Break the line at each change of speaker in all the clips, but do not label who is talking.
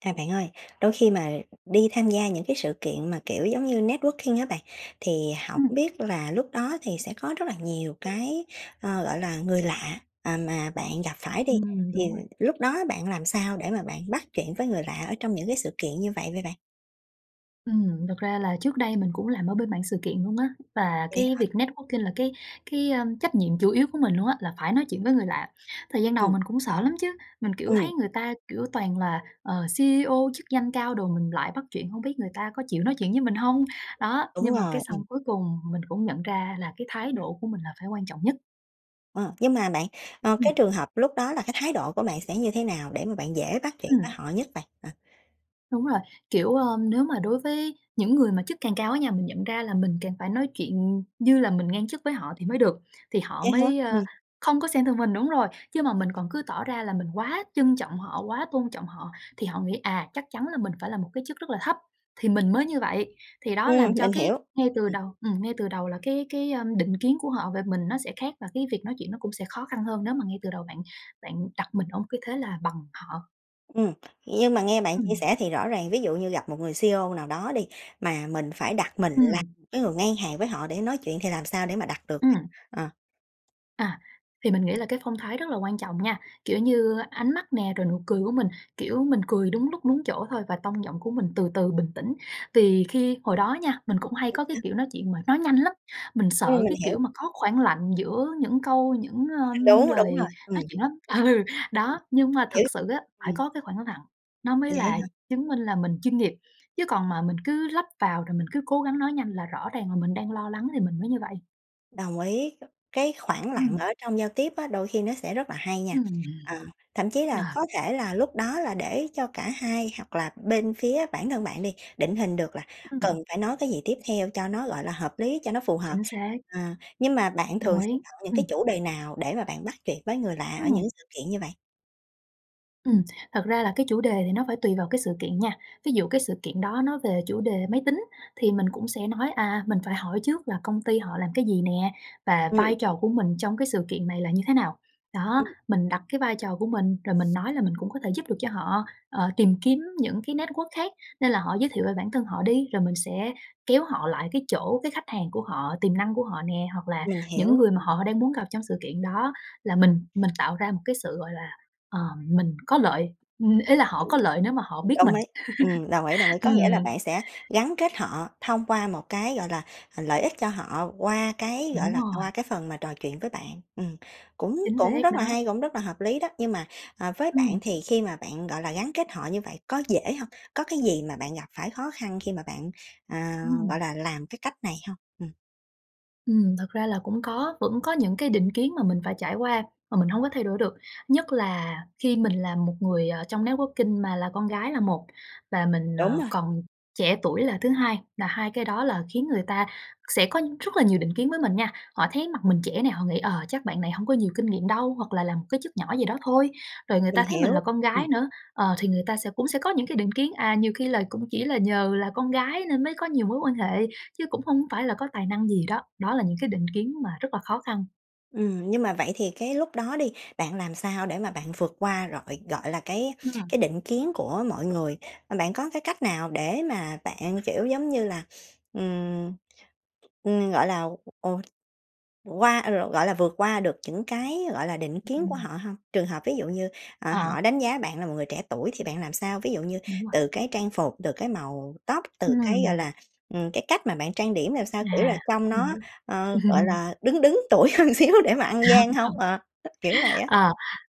À, bạn ơi, đôi khi mà đi tham gia những cái sự kiện mà, kiểu, giống như networking á, bạn thì hổng
Ừm.
biết là lúc đó thì sẽ có rất là nhiều cái, ờ, gọi là, người lạ, à, mà bạn gặp phải đi,
Ừm,
thì
đúng rồi.
lúc đó bạn làm sao để mà bạn bắt chuyện với người lạ ở trong những cái sự kiện như vậy vậy bạn?
Ừm, thực ra là trước đây mình cũng làm ở bên mảng sự kiện luôn á, và
Vậy
cái
hả?
việc networking là cái cái, ơm, trách nhiệm chủ yếu của mình luôn á, là phải nói chuyện với người lạ. Thời gian đầu
Ừm.
mình cũng sợ lắm chứ, mình, kiểu, thấy
Ừm.
người ta, kiểu, toàn là, ờ, CEO, chức danh cao đồ, mình lại bắt chuyện hông biết người ta có chịu nói chuyện với mình hông? Đó,
Đúng
nhưng mà cái
rồi, ừm.
xong cuối cùng mình cũng nhận ra là cái thái độ của mình là phải quan trọng nhất.
Ờ, nhưng mà bạn, ờ,
Ừm.
cái trường hợp lúc đó là cái thái độ của bạn sẽ như thế nào để mà bạn dễ bắt chuyện với
Ừm.
họ nhất vậy, à?
Đúng rồi, kiểu, ơm, nếu mà đối với những người mà chức cảng cao á nha, mình nhận ra là mình càng phải nói chuyện như là mình ngang chức với họ thì mới được, thì họ
Vậy hả?
mới, ơ,
Ừm.
không có xem thường mình đúng rồi, chứ mà mình còn cứ tỏ ra là mình quá trân trọng họ, quá tôn trọng họ thì họ nghĩ, à, chắc chắn là mình phải là một cái chức rất là thấp, thì mình mới như vậy. Thì đó
Ừm,
làm cho
mình
cái
hiểu.
ngay từ
Ừm.
đầu ừm, ngay từ đầu là cái cái, ơm, định kiến của họ về mình nó sẽ khác và cái việc nói chuyện nó cũng sẽ khó khăn hơn nếu mà ngay từ đầu bạn bạn đặt mình ở một cái thế là bằng họ.
Ừm, nhưng mà nghe bạn chia
Ừm.
sẻ thì rõ ràng ví dụ như gặp một người CEO nào đó đi, mà mình phải đặt mình là
Ừm.
[unintelligible] cái người ngang hàng với họ để nói chuyện, thì làm sao để mà đặt được?
Ừm.
Ờ.
À, thì mình nghĩ là cái phong thái rất là quan trọng nha, kiểu, như ánh mắt nè rồi nụ cười của mình, kiểu, mình cười đúng lúc, đúng chỗ thôi và tông giọng của mình từ từ bình tĩnh. Vì khi hồi đó nha, mình cũng
Ừm,
hay có cái,
sao?
kiểu, nói chuyện mà nói nhanh lắm, mình
Ừm,
sợ,
mình
cái
hiểu.
kiểu mà, có khoảng lặng giữa những câu những,
[unintelligible]
ơm,
đúng, đúng
lời
rồi,
nói
ừm.
chuyện lắm. Ừ,
Ừm,
đó, nhưng mà
hiểu,
thực sự á, phải
ừm.
có cái khoảng lặng, nó mới
Vậy á
là
hả?
chứng minh là mình chuyên nghiệp, chứ còn mà mình cứ lấp vào rồi mình cứ cố gắng nói nhanh là rõ ràng là mình đang lo lắng thì mình mới như vậy.
Đồng ý, cái khoảng lặng
Ừm.
ở trong giao tiếp á, đôi khi nó sẽ rất là hay nha.
Ừm, hừm.
À, thậm chí
Ờ.
là có thể là lúc đó là để cho cả hai hoặc là bên phía bản thân bạn đi định hình được là
Ừm.
cần phải nói cái gì tiếp theo cho nó, gọi là, hợp lý, cho nó phù hợp.
Chính xác.
À, nhưng mà bạn
Đồng
thường
ý.
sẽ chọn những
Ừm.
cái chủ đề nào để mà bạn bắt chuyện với người lạ ở
Ừm.
những sự kiện như vậy?
Ừm, thật ra là cái chủ đề thì nó phải tùy vào cái sự kiện nha, ví dụ cái sự kiện đó nó về chủ đề máy tính thì mình cũng sẽ nói, à, mình phải hỏi trước là công ty họ làm cái gì nè và
Ừm,
vai
đồng
trò
ý.
của mình trong cái sự kiện này là như thế nào, đó.
Ừm.
Mình đặt cái vai trò của mình, rồi mình nói là mình cũng có thể giúp được cho họ, ờ, tìm kiếm những cái network khác, nên là họ giới thiệu về bản thân họ đi. Rồi mình sẽ kéo họ lại cái chỗ cái khách hàng của họ, tiềm năng của họ nè hoặc là
Mình
những
hiểu,
người mà
ừm.
họ đang muốn gặp trong sự kiện đó, là mình mình tạo ra một cái sự, gọi là, ờ, mình có lợi, ừm, ý là họ có lợi nếu mà họ biết mình.
Đồng ý. Ừm, đồng ý, đồng ý, có nghĩa là
Ừm.
bạn sẽ gắn kết họ thông qua một cái, gọi là, ờ, lợi ích cho họ qua cái, gọi
Đúng
là,
rồi.
qua cái phần mà trò chuyện với bạn. Ừm, cũng
Chính
cũng
xác
rất là
đó.
hay, cũng rất là hợp lý đó, nhưng mà, à, với bạn
Ừm.
thì khi mà bạn, gọi là, gắn kết họ như vậy có dễ hông? Có cái gì mà bạn gặp phải khó khăn khi mà bạn, ờ, gọi
Ừm.
là, làm cái cách này hông? Ừm.
Ừm, thật ra là cũng có, vẫn có những cái định kiến mà mình phải trải qua mà mình hông có thay đổi được. Nhất là khi mình là một người, ờ, trong networking mà là con gái là một và mình,
Đúng
ờ,
rồi.
còn trẻ tuổi là thứ 2, là hai cái đó là khiến người ta sẽ có rất là nhiều định kiến với mình nha. Họ thấy mặt mình trẻ nè, họ nghĩ: "Ờ, chắc bạn này hổng có nhiều kinh nghiệm đâu" hoặc là làm một cái chức nhỏ gì đó thôi. Rồi người
Mình
ta thấy mình là
hiểu,
con
ừm.
gái nữa, ờ, thì người ta sẽ cũng sẽ có những cái định kiến: "À, nhiều khi là cũng chỉ là nhờ là con gái nên mới có nhiều mối quan hệ, chứ cũng hông có phải là có tài năng gì." Đó, đó là những cái định kiến mà rất là khó khăn.
Ừm, nhưng mà vậy thì cái lúc đó đi, bạn làm sao để mà bạn vượt qua rọi gọi là, cái
Ừm.
cái định kiến của mọi người, ờ, bạn có cái cách nào để mà bạn, kiểu, giống như là, ừm, ừm, gọi là, ột, qua a, lộn, gọi là, vượt qua được những cái, gọi là, định kiến của
Ừm.
họ hông? Trường hợp ví dụ như, ờ,
Ờ.
họ đánh giá bạn là một người trẻ tuổi thì bạn làm sao? Ví dụ như
Đúng rồi.
từ cái trang phục, từ cái màu tóc, từ cái, gọi
Ừm.
là, ừm, cái cách mà bạn trang điểm làm sao? Kiểu là
À,
trông
mình
nó,
hiểu.
ờ, gọi là, đứng đứng tuổi hơn xíu để mà ăn gian hông? Ờ, ít, kiểu vậy á.
À,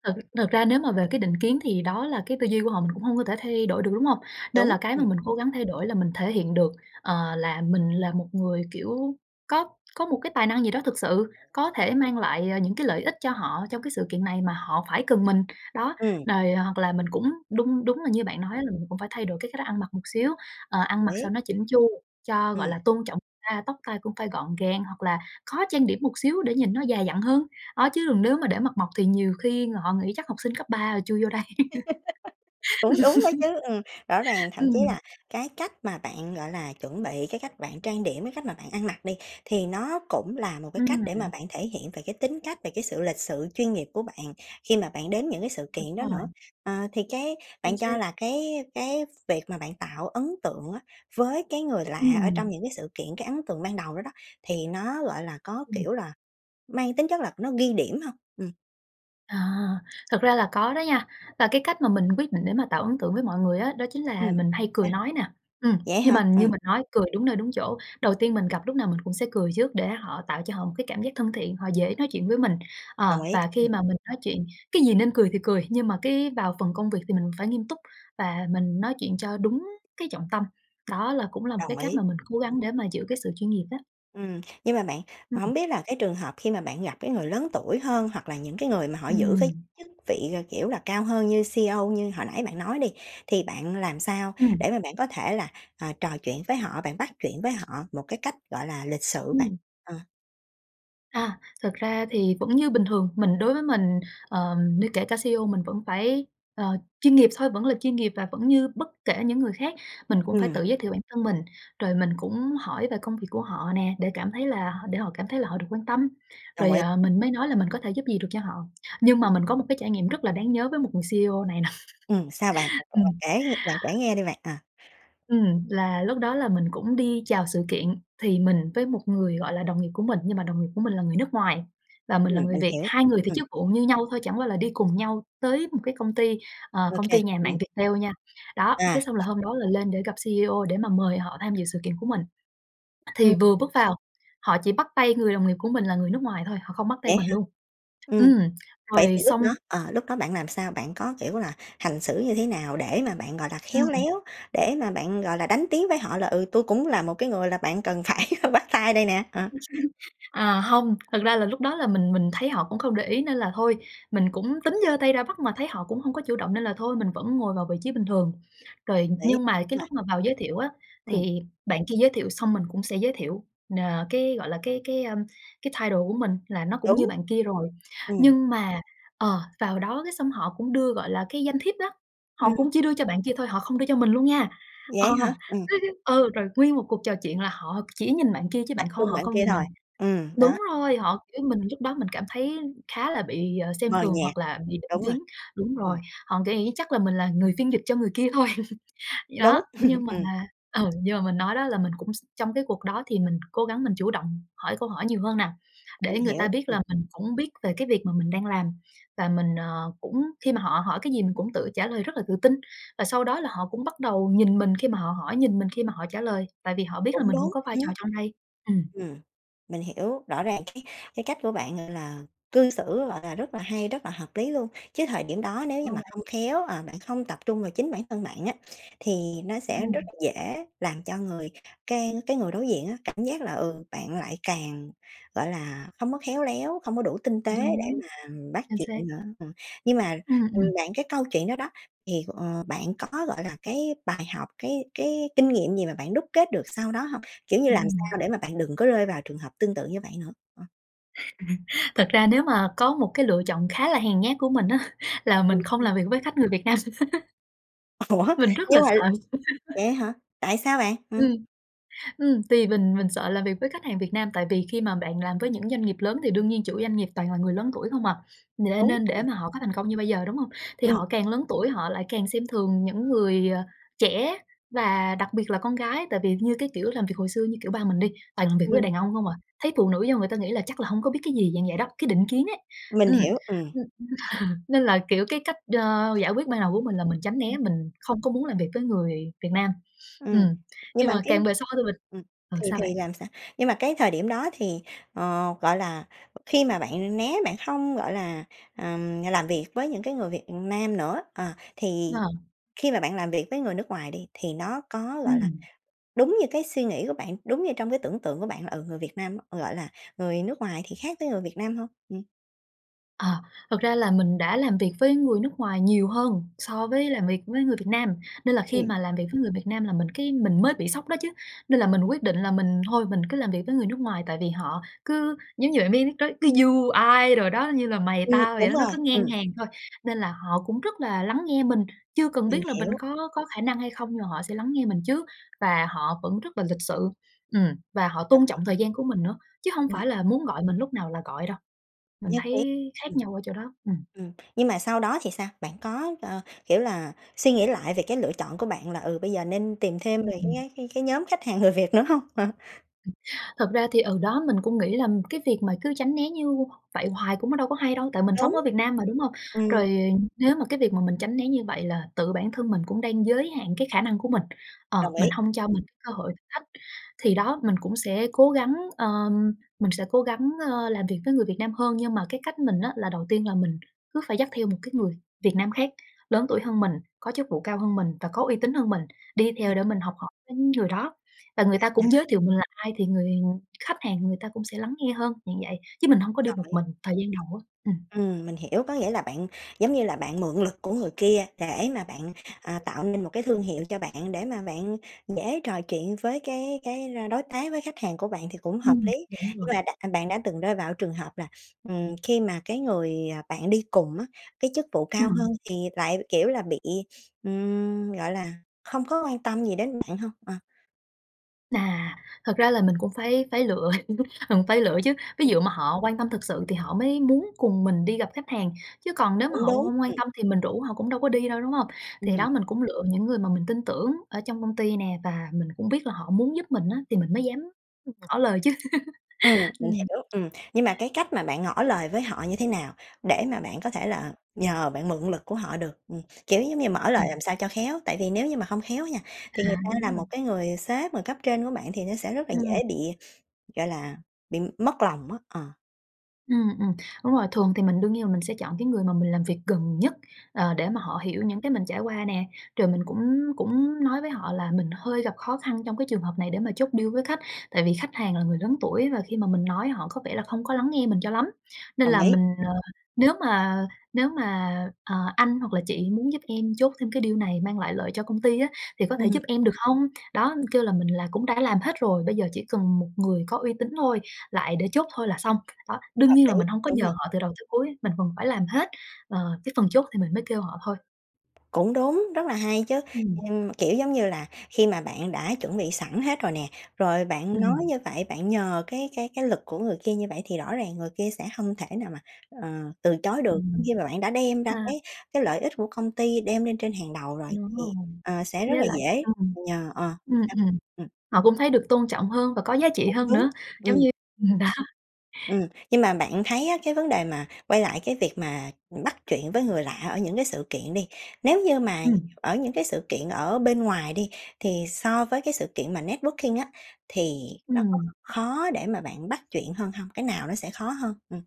thực thực ra nếu mà về cái định kiến thì đó là cái tư duy của họ mình cũng hông có thể thay đổi được, đúng hông? Nên
Đúng,
là cái mà
ừm.
mình cố gắng thay đổi là mình thể hiện được, ờ, là mình là một người, kiểu, có có một cái tài năng gì đó thực sự có thể mang lại, à, những cái lợi ích cho họ trong cái sự kiện này mà họ phải cần mình. Đó,
Ừm.
đòi hoặc là mình cũng đun đúng là như bạn nói là mình cũng phải thay đổi cái cách ăn mặc một xíu, ờ, ăn mặc sao
Lý.
nó chỉn chu cho, gọi
Ừm.
là, tôn trọng ta, tóc tai cũng phải gọn gàng hoặc là khó trang điểm một xíu để nhìn nó già dặn hơn. Đó chứ đừng nếu mà để mặt mộc thì nhiều khi họ nghĩ chắc học sinh cấp 3 rồi chui vô đây.
Cũng đúng đó chứ, ừm, rõ ràng thậm chí
Ừm.
là cái cách mà bạn, gọi là, chuẩn bị cái cách bạn trang điểm, cái cách mà bạn ăn mặc đi, thì nó cũng là một cái cách để mà
Ừm.
bạn thể hiện về cái tính cách, về cái sự lịch sự, chuyên nghiệp của bạn khi mà bạn đến những cái sự
Đúng
kiện đó
rồi.
nữa. Ờ, thì cái
Chính
bạn
xác.
cho là cái cái việc mà bạn tạo ấn tượng á, với cái người lạ ở trong
Ừm.
những cái sự kiện, cái ấn tượng ban đầu đó đó thì nó, gọi là, có,
Ừm.
kiểu là, mang tính chất là nó ghi điểm hông? Ừm.
À, thật ra là có đó nha, và cái cách mà mình quyết định để mà tạo ấn tượng với mọi người á đó chính
Ừm.
là mình hay cười
Sao?
nói nè. Ừm,
Vậy
nhưng
hả?
mà như
Ừ.
mình nói, cười đúng nơi đúng chỗ. Đầu tiên mình gặp lúc nào mình cũng sẽ cười trước để họ tạo cho họ một cái cảm giác thân thiện, họ dễ nói chuyện với mình.
Đồng
Ờ,
ý,
và khi
hừm.
mà mình nói chuyện cái gì nên cười thì cười, nhưng mà cái vào phần công việc thì mình phải nghiêm túc và mình nói chuyện cho đúng cái trọng tâm. Đó là cũng là một cái
Đồng
cách
ý,
mà mình cố
ừm.
gắng để mà giữ cái sự chuyên nghiệp đó.
Ừm, nhưng mà bạn,
Ừm.
hổng biết là cái trường hợp khi mà bạn gặp cái người lớn tuổi hơn, hoặc là những cái người mà họ giữ với
Ừm.
chức vị, ờ, kiểu là, cao hơn như CEO như hồi nãy bạn nói đi. Thì bạn làm sao để
Ừm.
mà bạn có thể là, ờ, trò chuyện với họ, bạn bắt chuyện với họ một cái cách, gọi là, lịch sự bạn.
Ừm.
Ờ.
À, thực ra thì vẫn như bình thường, mình đối với mình, ờ, như kể cả CEO mình vẫn phải, ờ, chuyên nghiệp thôi, vẫn là chuyên nghiệp và vẫn như bất kể những người khác, mình cũng phải
Ừm.
tự giới thiệu bản thân mình, rồi mình cũng hỏi về công việc của họ nè để cảm thấy là h để họ cảm thấy là họ được quan tâm,
Đồng
rồi,
ý.
à, mình mới nói là mình có thể giúp gì được cho họ. Nhưng
Ừm.
mà mình có một cái trải nghiệm rất là đáng nhớ với một người CEO này nà.
Ừm, sao bạn? Bạn thử bạn
Ừm.
kể bạn kể nghe đi bạn, ờ.
Ừm, là lúc đó là mình cũng đi chào sự kiện thì mình với một người, gọi là, đồng nghiệp của mình, nhưng mà đồng nghiệp của mình là người nước ngoài và mình là
Ừm,
người
mình
Việt,
hiểu.
2 người thì
Ừm.
chức vụ như nhau thôi, chẳng qua là đi cùng nhau tới một cái công ty, ờ, công
OK,
ty nhà mạng
ừm.
Viettel nha. Đó, cái
À.
xong là hôm đó là lên để gặp CEO để mà mời họ tham dự sự kiện của mình. Thì
Ừm.
vừa bước vào, họ chỉ bắt tay người đồng nghiệp của mình là người nước ngoài thôi, họ không bắt tay
Vậy
mình
hả?
luôn.
Ừm.
Ừm,
Vậy
rồi
thì lúc
xong
đó, ờ, lúc đó bạn làm sao? Bạn có, kiểu là, hành xử như thế nào để mà bạn, gọi là, khéo
Ừm.
léo, để mà bạn, gọi là, đánh tiếng với họ là "Ừ, tui cũng là một cái người là bạn cần phải bắt tay đây nè!" Ờ.
À, hông, thực ra là lúc đó là mình mình thấy họ cũng không để ý nên là thôi, mình cũng tính giơ tay ra bắt mà thấy họ cũng hông có chủ động nên là thôi, mình vẫn ngồi vào vị trí bình thường. Rồi,
Đấy,
nhưng mà
đúng
cái
rồi.
lúc mà vào giới thiệu á,
Ừm.
thì bạn kia giới thiệu xong mình cũng sẽ giới thiệu, ờ, cái, gọi là, cái cái, a, cái title của mình là nó cũng như
Đúng.
bạn kia rồi.
Ừm.
Nhưng mà, ờ, vào đó cái xong họ cũng đưa, gọi là, cái danh thiếp đó,
Ừm.
họ cũng chỉ đưa cho bạn kia thôi, họ không đưa cho mình luôn nha.
Vậy
Ờ,
hả? Ừm.
[unintelligible] ừ, rồi nguyên một cuộc trò chuyện là họ chỉ nhìn bạn kia chứ
Tập
bạn kho
trung
họ
bạn
không
kia
nhìn mình.
thôi. Ừm, đó.
Đúng rồi, họ kiểu, mình lúc đó mình cảm thấy khá là bị, ờ, xem
Mờ
thường
nhạt.
hoặc là bị định
Đúng rồi.
kiến, đúng rồi,
Ừm.
họ nghĩ chắc là mình là người phiên dịch cho người kia thôi. Đó,
Đúng,
nhưng mà
ừm.
ừ, nhưng mà mình nói đó là mình cũng x trong cái cuộc đó thì mình cố gắng mình chủ động hỏi câu hỏi nhiều hơn nà,
Mình
để người
hiểu,
ta biết
ừm.
là mình cũng biết về cái việc mà mình đang làm. Và mình, ờ, cũng khi mà họ hỏi cái gì mình cũng tự trả lời rất là tự tin, và sau đó là họ cũng bắt đầu nhìn mình khi mà họ hỏi, nhìn mình khi mà họ trả lời, tại vì họ biết là
Cũng
mình cũng
đúng,
có vai
ừm.
trò trong đây. Ừm.
Ừm, mình hiểu, rõ ràng cái cái cách của bạn, gọi là, cư xử, gọi là, rất là hay, rất là hợp lý luôn. Chứ thời điểm đó nếu
[unintelligible]
như mà
vậy.
không khéo, ờ, bạn không tập trung vào chính bản thân bạn á, thì nó
Ừ
sẽ rất
hừm.
dễ làm cho người cái cái người đối diện á cảm giác là, ừ, bạn lại càng, gọi là, không có khéo léo, không có đủ tinh tế để
Đúng.
mà bắt
Chính
chuyện
xác.
nữa. Ừm, nhưng mà,
Ừm,
ừm,
ừm.
bạn cái câu chuyện đó đó thì, ờ, bạn có, gọi là, cái bài học, cái cái kinh nghiệm gì mà bạn đúc kết được sau đó hông? Kiểu như
Ừm
làm sao
hừm.
để mà bạn đừng có rơi vào trường hợp tương tự như vậy nữa, ờ.
Thật ra nếu mà có một cái lựa chọn khá là hèn nhát của mình á, là mình
Ừ,
không
sao?
làm việc với khách người Việt Nam.
Ủa,
Mình rất là
nhưng mà
sợ.
vậy á hả? Tại sao bạn? Ừm.
Ừm. Ừm, thì mình mình sợ làm việc với khách hàng Việt Nam, tại vì khi mà bạn làm với những doanh nghiệp lớn thì đương nhiên chủ doanh nghiệp toàn là người lớn tuổi không à, n
Đúng.
nên để
Ừm.
mà họ có thành công như bây giờ, đúng hông? Thì
Ừm.
họ càng lớn tuổi họ lại càng xem thường những người, à, trẻ và đặc biệt là con gái. Tại vì, như cái kiểu, làm việc hồi xưa như, kiểu, ba mình đi, toàn làm việc với
Ừm.
đàn ông hông à, thấy phụ nữ vô người ta nghĩ là chắc là hông có biết cái gì, dạng vậy đó, cái định kiến ấy.
Mình
Ừm,
hiểu. Ừm.
nên là, kiểu, cái cách, ơ, giải quyết ban đầu của mình là mình tránh né,
Ừm.
mình không có muốn làm việc với người Việt Nam. Ừm,
Ừm, nhưng
nhưng
mà
mà
cái,
càng về sau thì mình
ừm,
ờ,
thì
sao
thì
bạn?
làm sao? Nhưng mà cái thời điểm đó thì, ờ, gọi là, khi mà bạn né, bạn hông, gọi là, ờm, làm việc với những cái người Việt Nam nữa, ờ, thì
Ờ.
khi mà bạn làm việc với người nước ngoài đi, thì nó có, gọi là,
Ừm.
đúng như cái suy nghĩ của bạn? Đúng như trong cái tưởng tượng của bạn là, ừ, người Việt Nam á, gọi là, người nước ngoài thì khác với người Việt Nam hông? Ừm.
Ờ, thật ra là mình đã làm việc với người nước ngoài nhiều hơn so với làm việc với người Việt Nam, nên là khi
Ừm.
mà làm việc với người Việt Nam là mình cái mình mới bị sốc đó chứ, nên là mình quyết định là mình thôi mình cứ làm việc với người nước ngoài. Tại vì họ cứ, giống như, bạn biết có You I đồ đó, như là mày
Ừm,
tao vậy
đúng
đó, nó
rồi,
cứ ngang
ừm.
hàng thôi, nên là họ cũng rất là lắng nghe mình, chưa cần
Mình
biết là mình
hiểu.
có có khả năng hay không, nhưng mà họ sẽ lắng nghe mình trước. Và họ vẫn rất là lịch sự, ừm, và họ
Đồng
tôn
ý.
trọng thời gian của mình nữa, chứ hông
Ừm.
phải là muốn gọi mình lúc nào là gọi đâu. Mình
Nhất
thấy
trí,
khác
ừm.
nhau ở chỗ đó, ừm.
Ừm, nhưng mà sau đó thì sao? Bạn có, ơ, kiểu là, suy nghĩ lại về cái lựa chọn của bạn là, ừ, bây giờ nên tìm thêm
Ừm,
về cái
ừm.
cái cái cái nhóm khách hàng người Việt nữa hông? Ờ.
Thật ra thì, ờ, đó mình cũng nghĩ là, ừm, cái việc mà cứ tránh né như vậy hoài cũng có đâu có hay đâu, tại mình sống
Đúng,.
ở
[unintelligible]
Việt Nam mà, đúng hông?
Ừm.
Rồi nếu mà cái việc mà mình tránh né như vậy là tự bản thân mình cũng đang giới hạn cái khả năng của mình, ờ,
Đồng
mình
ý.
hông cho
Ừm.
mình cái cơ hội thách. Thì đó mình cũng sẽ cố gắng,, mình sẽ cố gắng, ơm, làm việc với người Việt Nam hơn. Nhưng mà cái cách mình á là đầu tiên là mình cứ phải dắt theo một cái người Việt Nam khác lớn tuổi hơn mình, có chức vụ cao hơn mình và có uy tín hơn mình đi
Ừm.
theo để mình học hỏi tính người đó và người ta
À,
cũng
à.
giới thiệu mình là ai thì người khách hàng người ta cũng sẽ lắng nghe hơn, dạng vậy, chứ mình hông có đi
Đồng
một
ý.
mình thời gian đầu á, ừm.
Ừm, mình hiểu, có nghĩa là bạn, giống như là, bạn mượn lực của người kia để mà bạn, ờ, tạo nên một cái thương hiệu cho bạn để mà bạn dễ trò chuyện với cái cái la đối tác, với khách hàng của bạn thì cũng hợp
Ừm,
lý.
đúng
Nhưng
rồi.
mà đặt à, bạn đã từng rơi vào cái trường hợp là, ừm, khi mà cái người, à, bạn đi cùng á cái chức vụ cao hơn
Ừm.
thì lại, kiểu là, bị, ừm, gọi là, không có quan tâm gì đến bạn hông? Ờ.
À, thật ra là mình cũng phải phải lựa, mình phải lựa chứ, ví
Ừm.
dụ mà họ quan tâm thực sự thì họ mới muốn cùng mình đi gặp khách hàng, chứ còn nếu mà
Cũng
họ h
đúng,
hông quan
ừm.
tâm thì mình rủ họ cũng đâu có đi đâu, đúng hông? Thì
Ừm.
đó mình cũng lựa những người mà mình tin tưởng ở trong công ty nè và mình cũng biết là họ muốn giúp mình á, thì mình mới dám, ưm, ngỏ lời chứ.
Ừm, mình
Ừm.
hiểu, ừm, nhưng mà cái cách mà bạn ngỏ lời với họ như thế nào để mà bạn có thể là nhờ, bạn mượn lực của họ được? Ừm, kiểu, giống như, mở lời
Ừm.
làm sao cho khéo, tại vì nếu như mà hông khéo á nha, thì người
À,
ta
đúng
là
rồi.
một cái người sếp, người cấp trên của bạn thì nó sẽ rất là
Ừm.
dễ bị, gọi là, bị mất lòng á, ờ.
Ừm, ừm, đúng rồi, thường thì mình đương nhiên mình sẽ chọn cái người mà mình làm việc gần nhất, ờ, để mà họ hiểu những cái mình trải qua nè. Rồi mình cũng cũng nói với họ là mình hơi gặp khó khăn trong cái trường hợp này để mà chốt deal với khách. Tại vì khách hàng là người lớn tuổi và khi mà mình nói họ có vẻ là không có lắng nghe mình cho lắm, nên
Đồng
là
ý,
mình,
ừm.
ờ, "Nếu mà nếu mà, à, anh hoặc là chị muốn giúp em chốt thêm cái deal này mang lại lợi cho công ty á, thì có thể
Ừm.
giúp em được hông?" Đó kêu là mình là cũng đã làm hết rồi, bây giờ chỉ cần một người có uy tín thôi, lại để chốt thôi là xong, đó đương
Hợp
nhiên
lý.
là mình hông có
Đúng
nhờ
rồi.
họ từ đầu tới cuối, mình phần phải làm hết, ờ, cái phần chốt thì mình mới kêu họ thôi.
Cũng đúng, rất là hay chứ.
Ừm.
Ừm, kiểu giống như là, khi mà bạn đã chuẩn bị sẵn hết rồi nè, rồi bạn nói
Ừm.
như vậy bạn nhờ cái cái cái lực của người kia như vậy, thì rõ ràng người kia sẽ hông thể nào mà, ờ, từ chối được
Ừm.
khi mà bạn đã đem ra
À.
cái cái lợi ích của công ty đem lên trên hàng đầu rồi
Đúng
thì,
rồi,
ờ, sẽ rất
với
là
lại
dễ
ừm.
nhờ, ờ.
Ừm,
[unintelligible]
ừm,
Ừm.
họ cũng thấy được tôn trọng hơn và có giá trị
Cũng
hơn
đúng.
nữa, giống
Ừm.
như ừm, đó.
Ừm, nhưng mà bạn thấy á, cái vấn đề mà quay lại cái việc mà, ừm, bắt chuyện với người lạ ở những cái sự kiện đi, nếu như mà
Ừm.
ở những cái sự kiện ở bên ngoài đi thì so với cái sự kiện mà networking á, thì nó có
Ừm.
khó để mà bạn bắt chuyện hơn hông? Cái nào nó sẽ khó hơn? Ừm.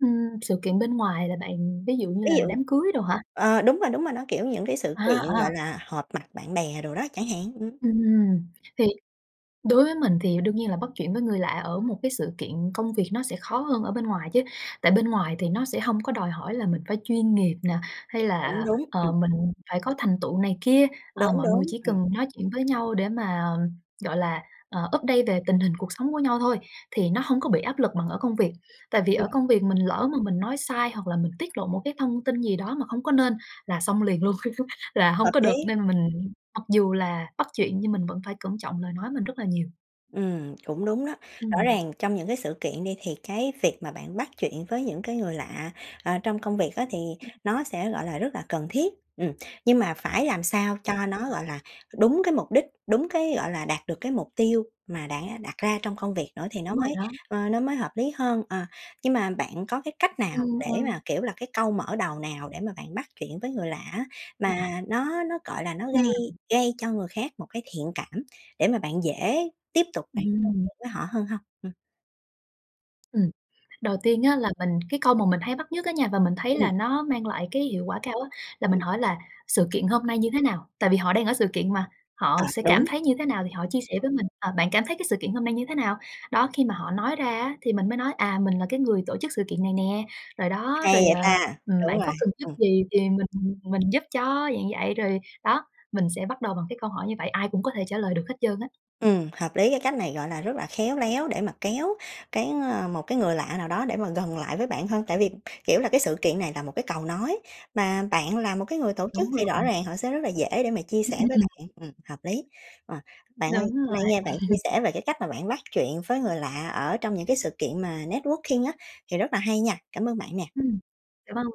Ừm, sự kiện bên ngoài là bạn ví dụ như
Ví
là
dụ
đám cưới đồ hả?
ờ, đúng rồi, đúng rồi, nó, kiểu, những cái sự
À,
kiện,
à.
gọi là, họp mặt bạn bè đồ đó chẳng hạn. Ừm.
Ừm, thì đối với mình thì đương nhiên là bắt chuyện với người lạ ở một cái sự kiện công việc nó sẽ khó hơn ở bên ngoài chứ. Tại bên ngoài thì nó sẽ hông có đòi hỏi là mình phải chuyên nghiệp nè, hay
Cũng
là,
đúng. Ừm.
ờ, mình phải có thành tựu này kia, ờ,
Đúng,
mọi người
đúng.
chỉ
Ừm.
cần nói chuyện với nhau để mà, gọi là, à, update về tình hình cuộc sống của nhau thôi, thì nó hông có bị áp lực bằng ở công việc. Tại vì ở
Ừm.
công việc mình lỡ mà mình nói sai hoặc là mình tiết lộ một cái thông tin gì đó mà hông có nên, là xong liền luôn, là
Hợp
hông có được,
lý.
nên mình mặc dù là bắt chuyện nhưng mình vẫn phải cẩn trọng lời nói mình rất là nhiều.
Ừ, cũng đúng đó, rõ
Ừm.
ràng trong những cái sự kiện đi, thì cái việc mà bạn bắt chuyện với những cái người lạ, ờ, trong công việc á, thì
Ừm.
nó sẽ, gọi là, rất là cần thiết, ừ. Nhưng mà phải làm sao
Đúng
cho
rồi.
nó, gọi là, đúng cái mục đích, đúng cái, gọi là, đạt được cái mục tiêu mà đã đặt ra trong công việc nữa, thì nó
Đúng rồi
mới,
đó.
ờ, nó mới hợp lý hơn. Ờ, nhưng mà bạn có cái cách
Ừ,
nào để
ừ.
mà, kiểu là, cái câu mở đầu nào để mà bạn bắt chuyện với người lạ á,
À.
mà nó nó, gọi là, nó
Ừm.
gây gây cho người khác một cái thiện cảm, để mà bạn dễ tiếp tục bạn [unintelligible]
Ừm.
với họ hơn hông? Ừm.
Ừm, đầu tiên á là mình cái câu mà mình hay bắt nhất á nha và mình thấy
Ừ.
là nó mang lại cái hiệu quả cao á, là mình
Ừm.
hỏi là "Sự kiện hôm nay như thế nào?", tại vì họ đang ở sự kiện mà,
À,
họ sẽ cảm
đúng.
thấy như thế nào thì họ chia sẻ với mình: "À, bạn cảm thấy cái sự kiện hôm nay như thế nào?" Đó, khi mà họ nói ra á thì mình mới nói: "À, mình là cái người tổ chức sự kiện này nè", rồi đó,
Hay
rồi,
vậy
ờ,
ta!
ừm,
Đúng
"Bạn có
rồi,
cần giúp
ừ.
gì thì mình mình giúp cho", dạng vậy. Rồi, đó, mình sẽ bắt đầu bằng cái câu hỏi như vậy, ai cũng có thể trả lời được hết trơn á.
Ừ, hợp lý, cái cách này, gọi là, rất là khéo léo để mà kéo cái ờ, một cái người lạ nào đó để mà gần lại với bạn hơn, tại vì, kiểu là, cái sự kiện này tà một cái cầu nối, mà bạn là một cái người tổ chức
Đúng
thì rõ
rồi.
ràng họ sẽ rất là dễ để mà chia
Ưm,
sẻ với
ừm.
bạn, ừm, hợp lý. Ờ, bạn ơi,
Đúng
hôm
rồi.
nay nghe bạn chia sẻ về cái cách mà bạn bắt chuyện với người lạ ở trong những cái sự kiện mà networking á, thì rất là hay nha, cảm ơn bạn nè.
Ừm, dạ vâng.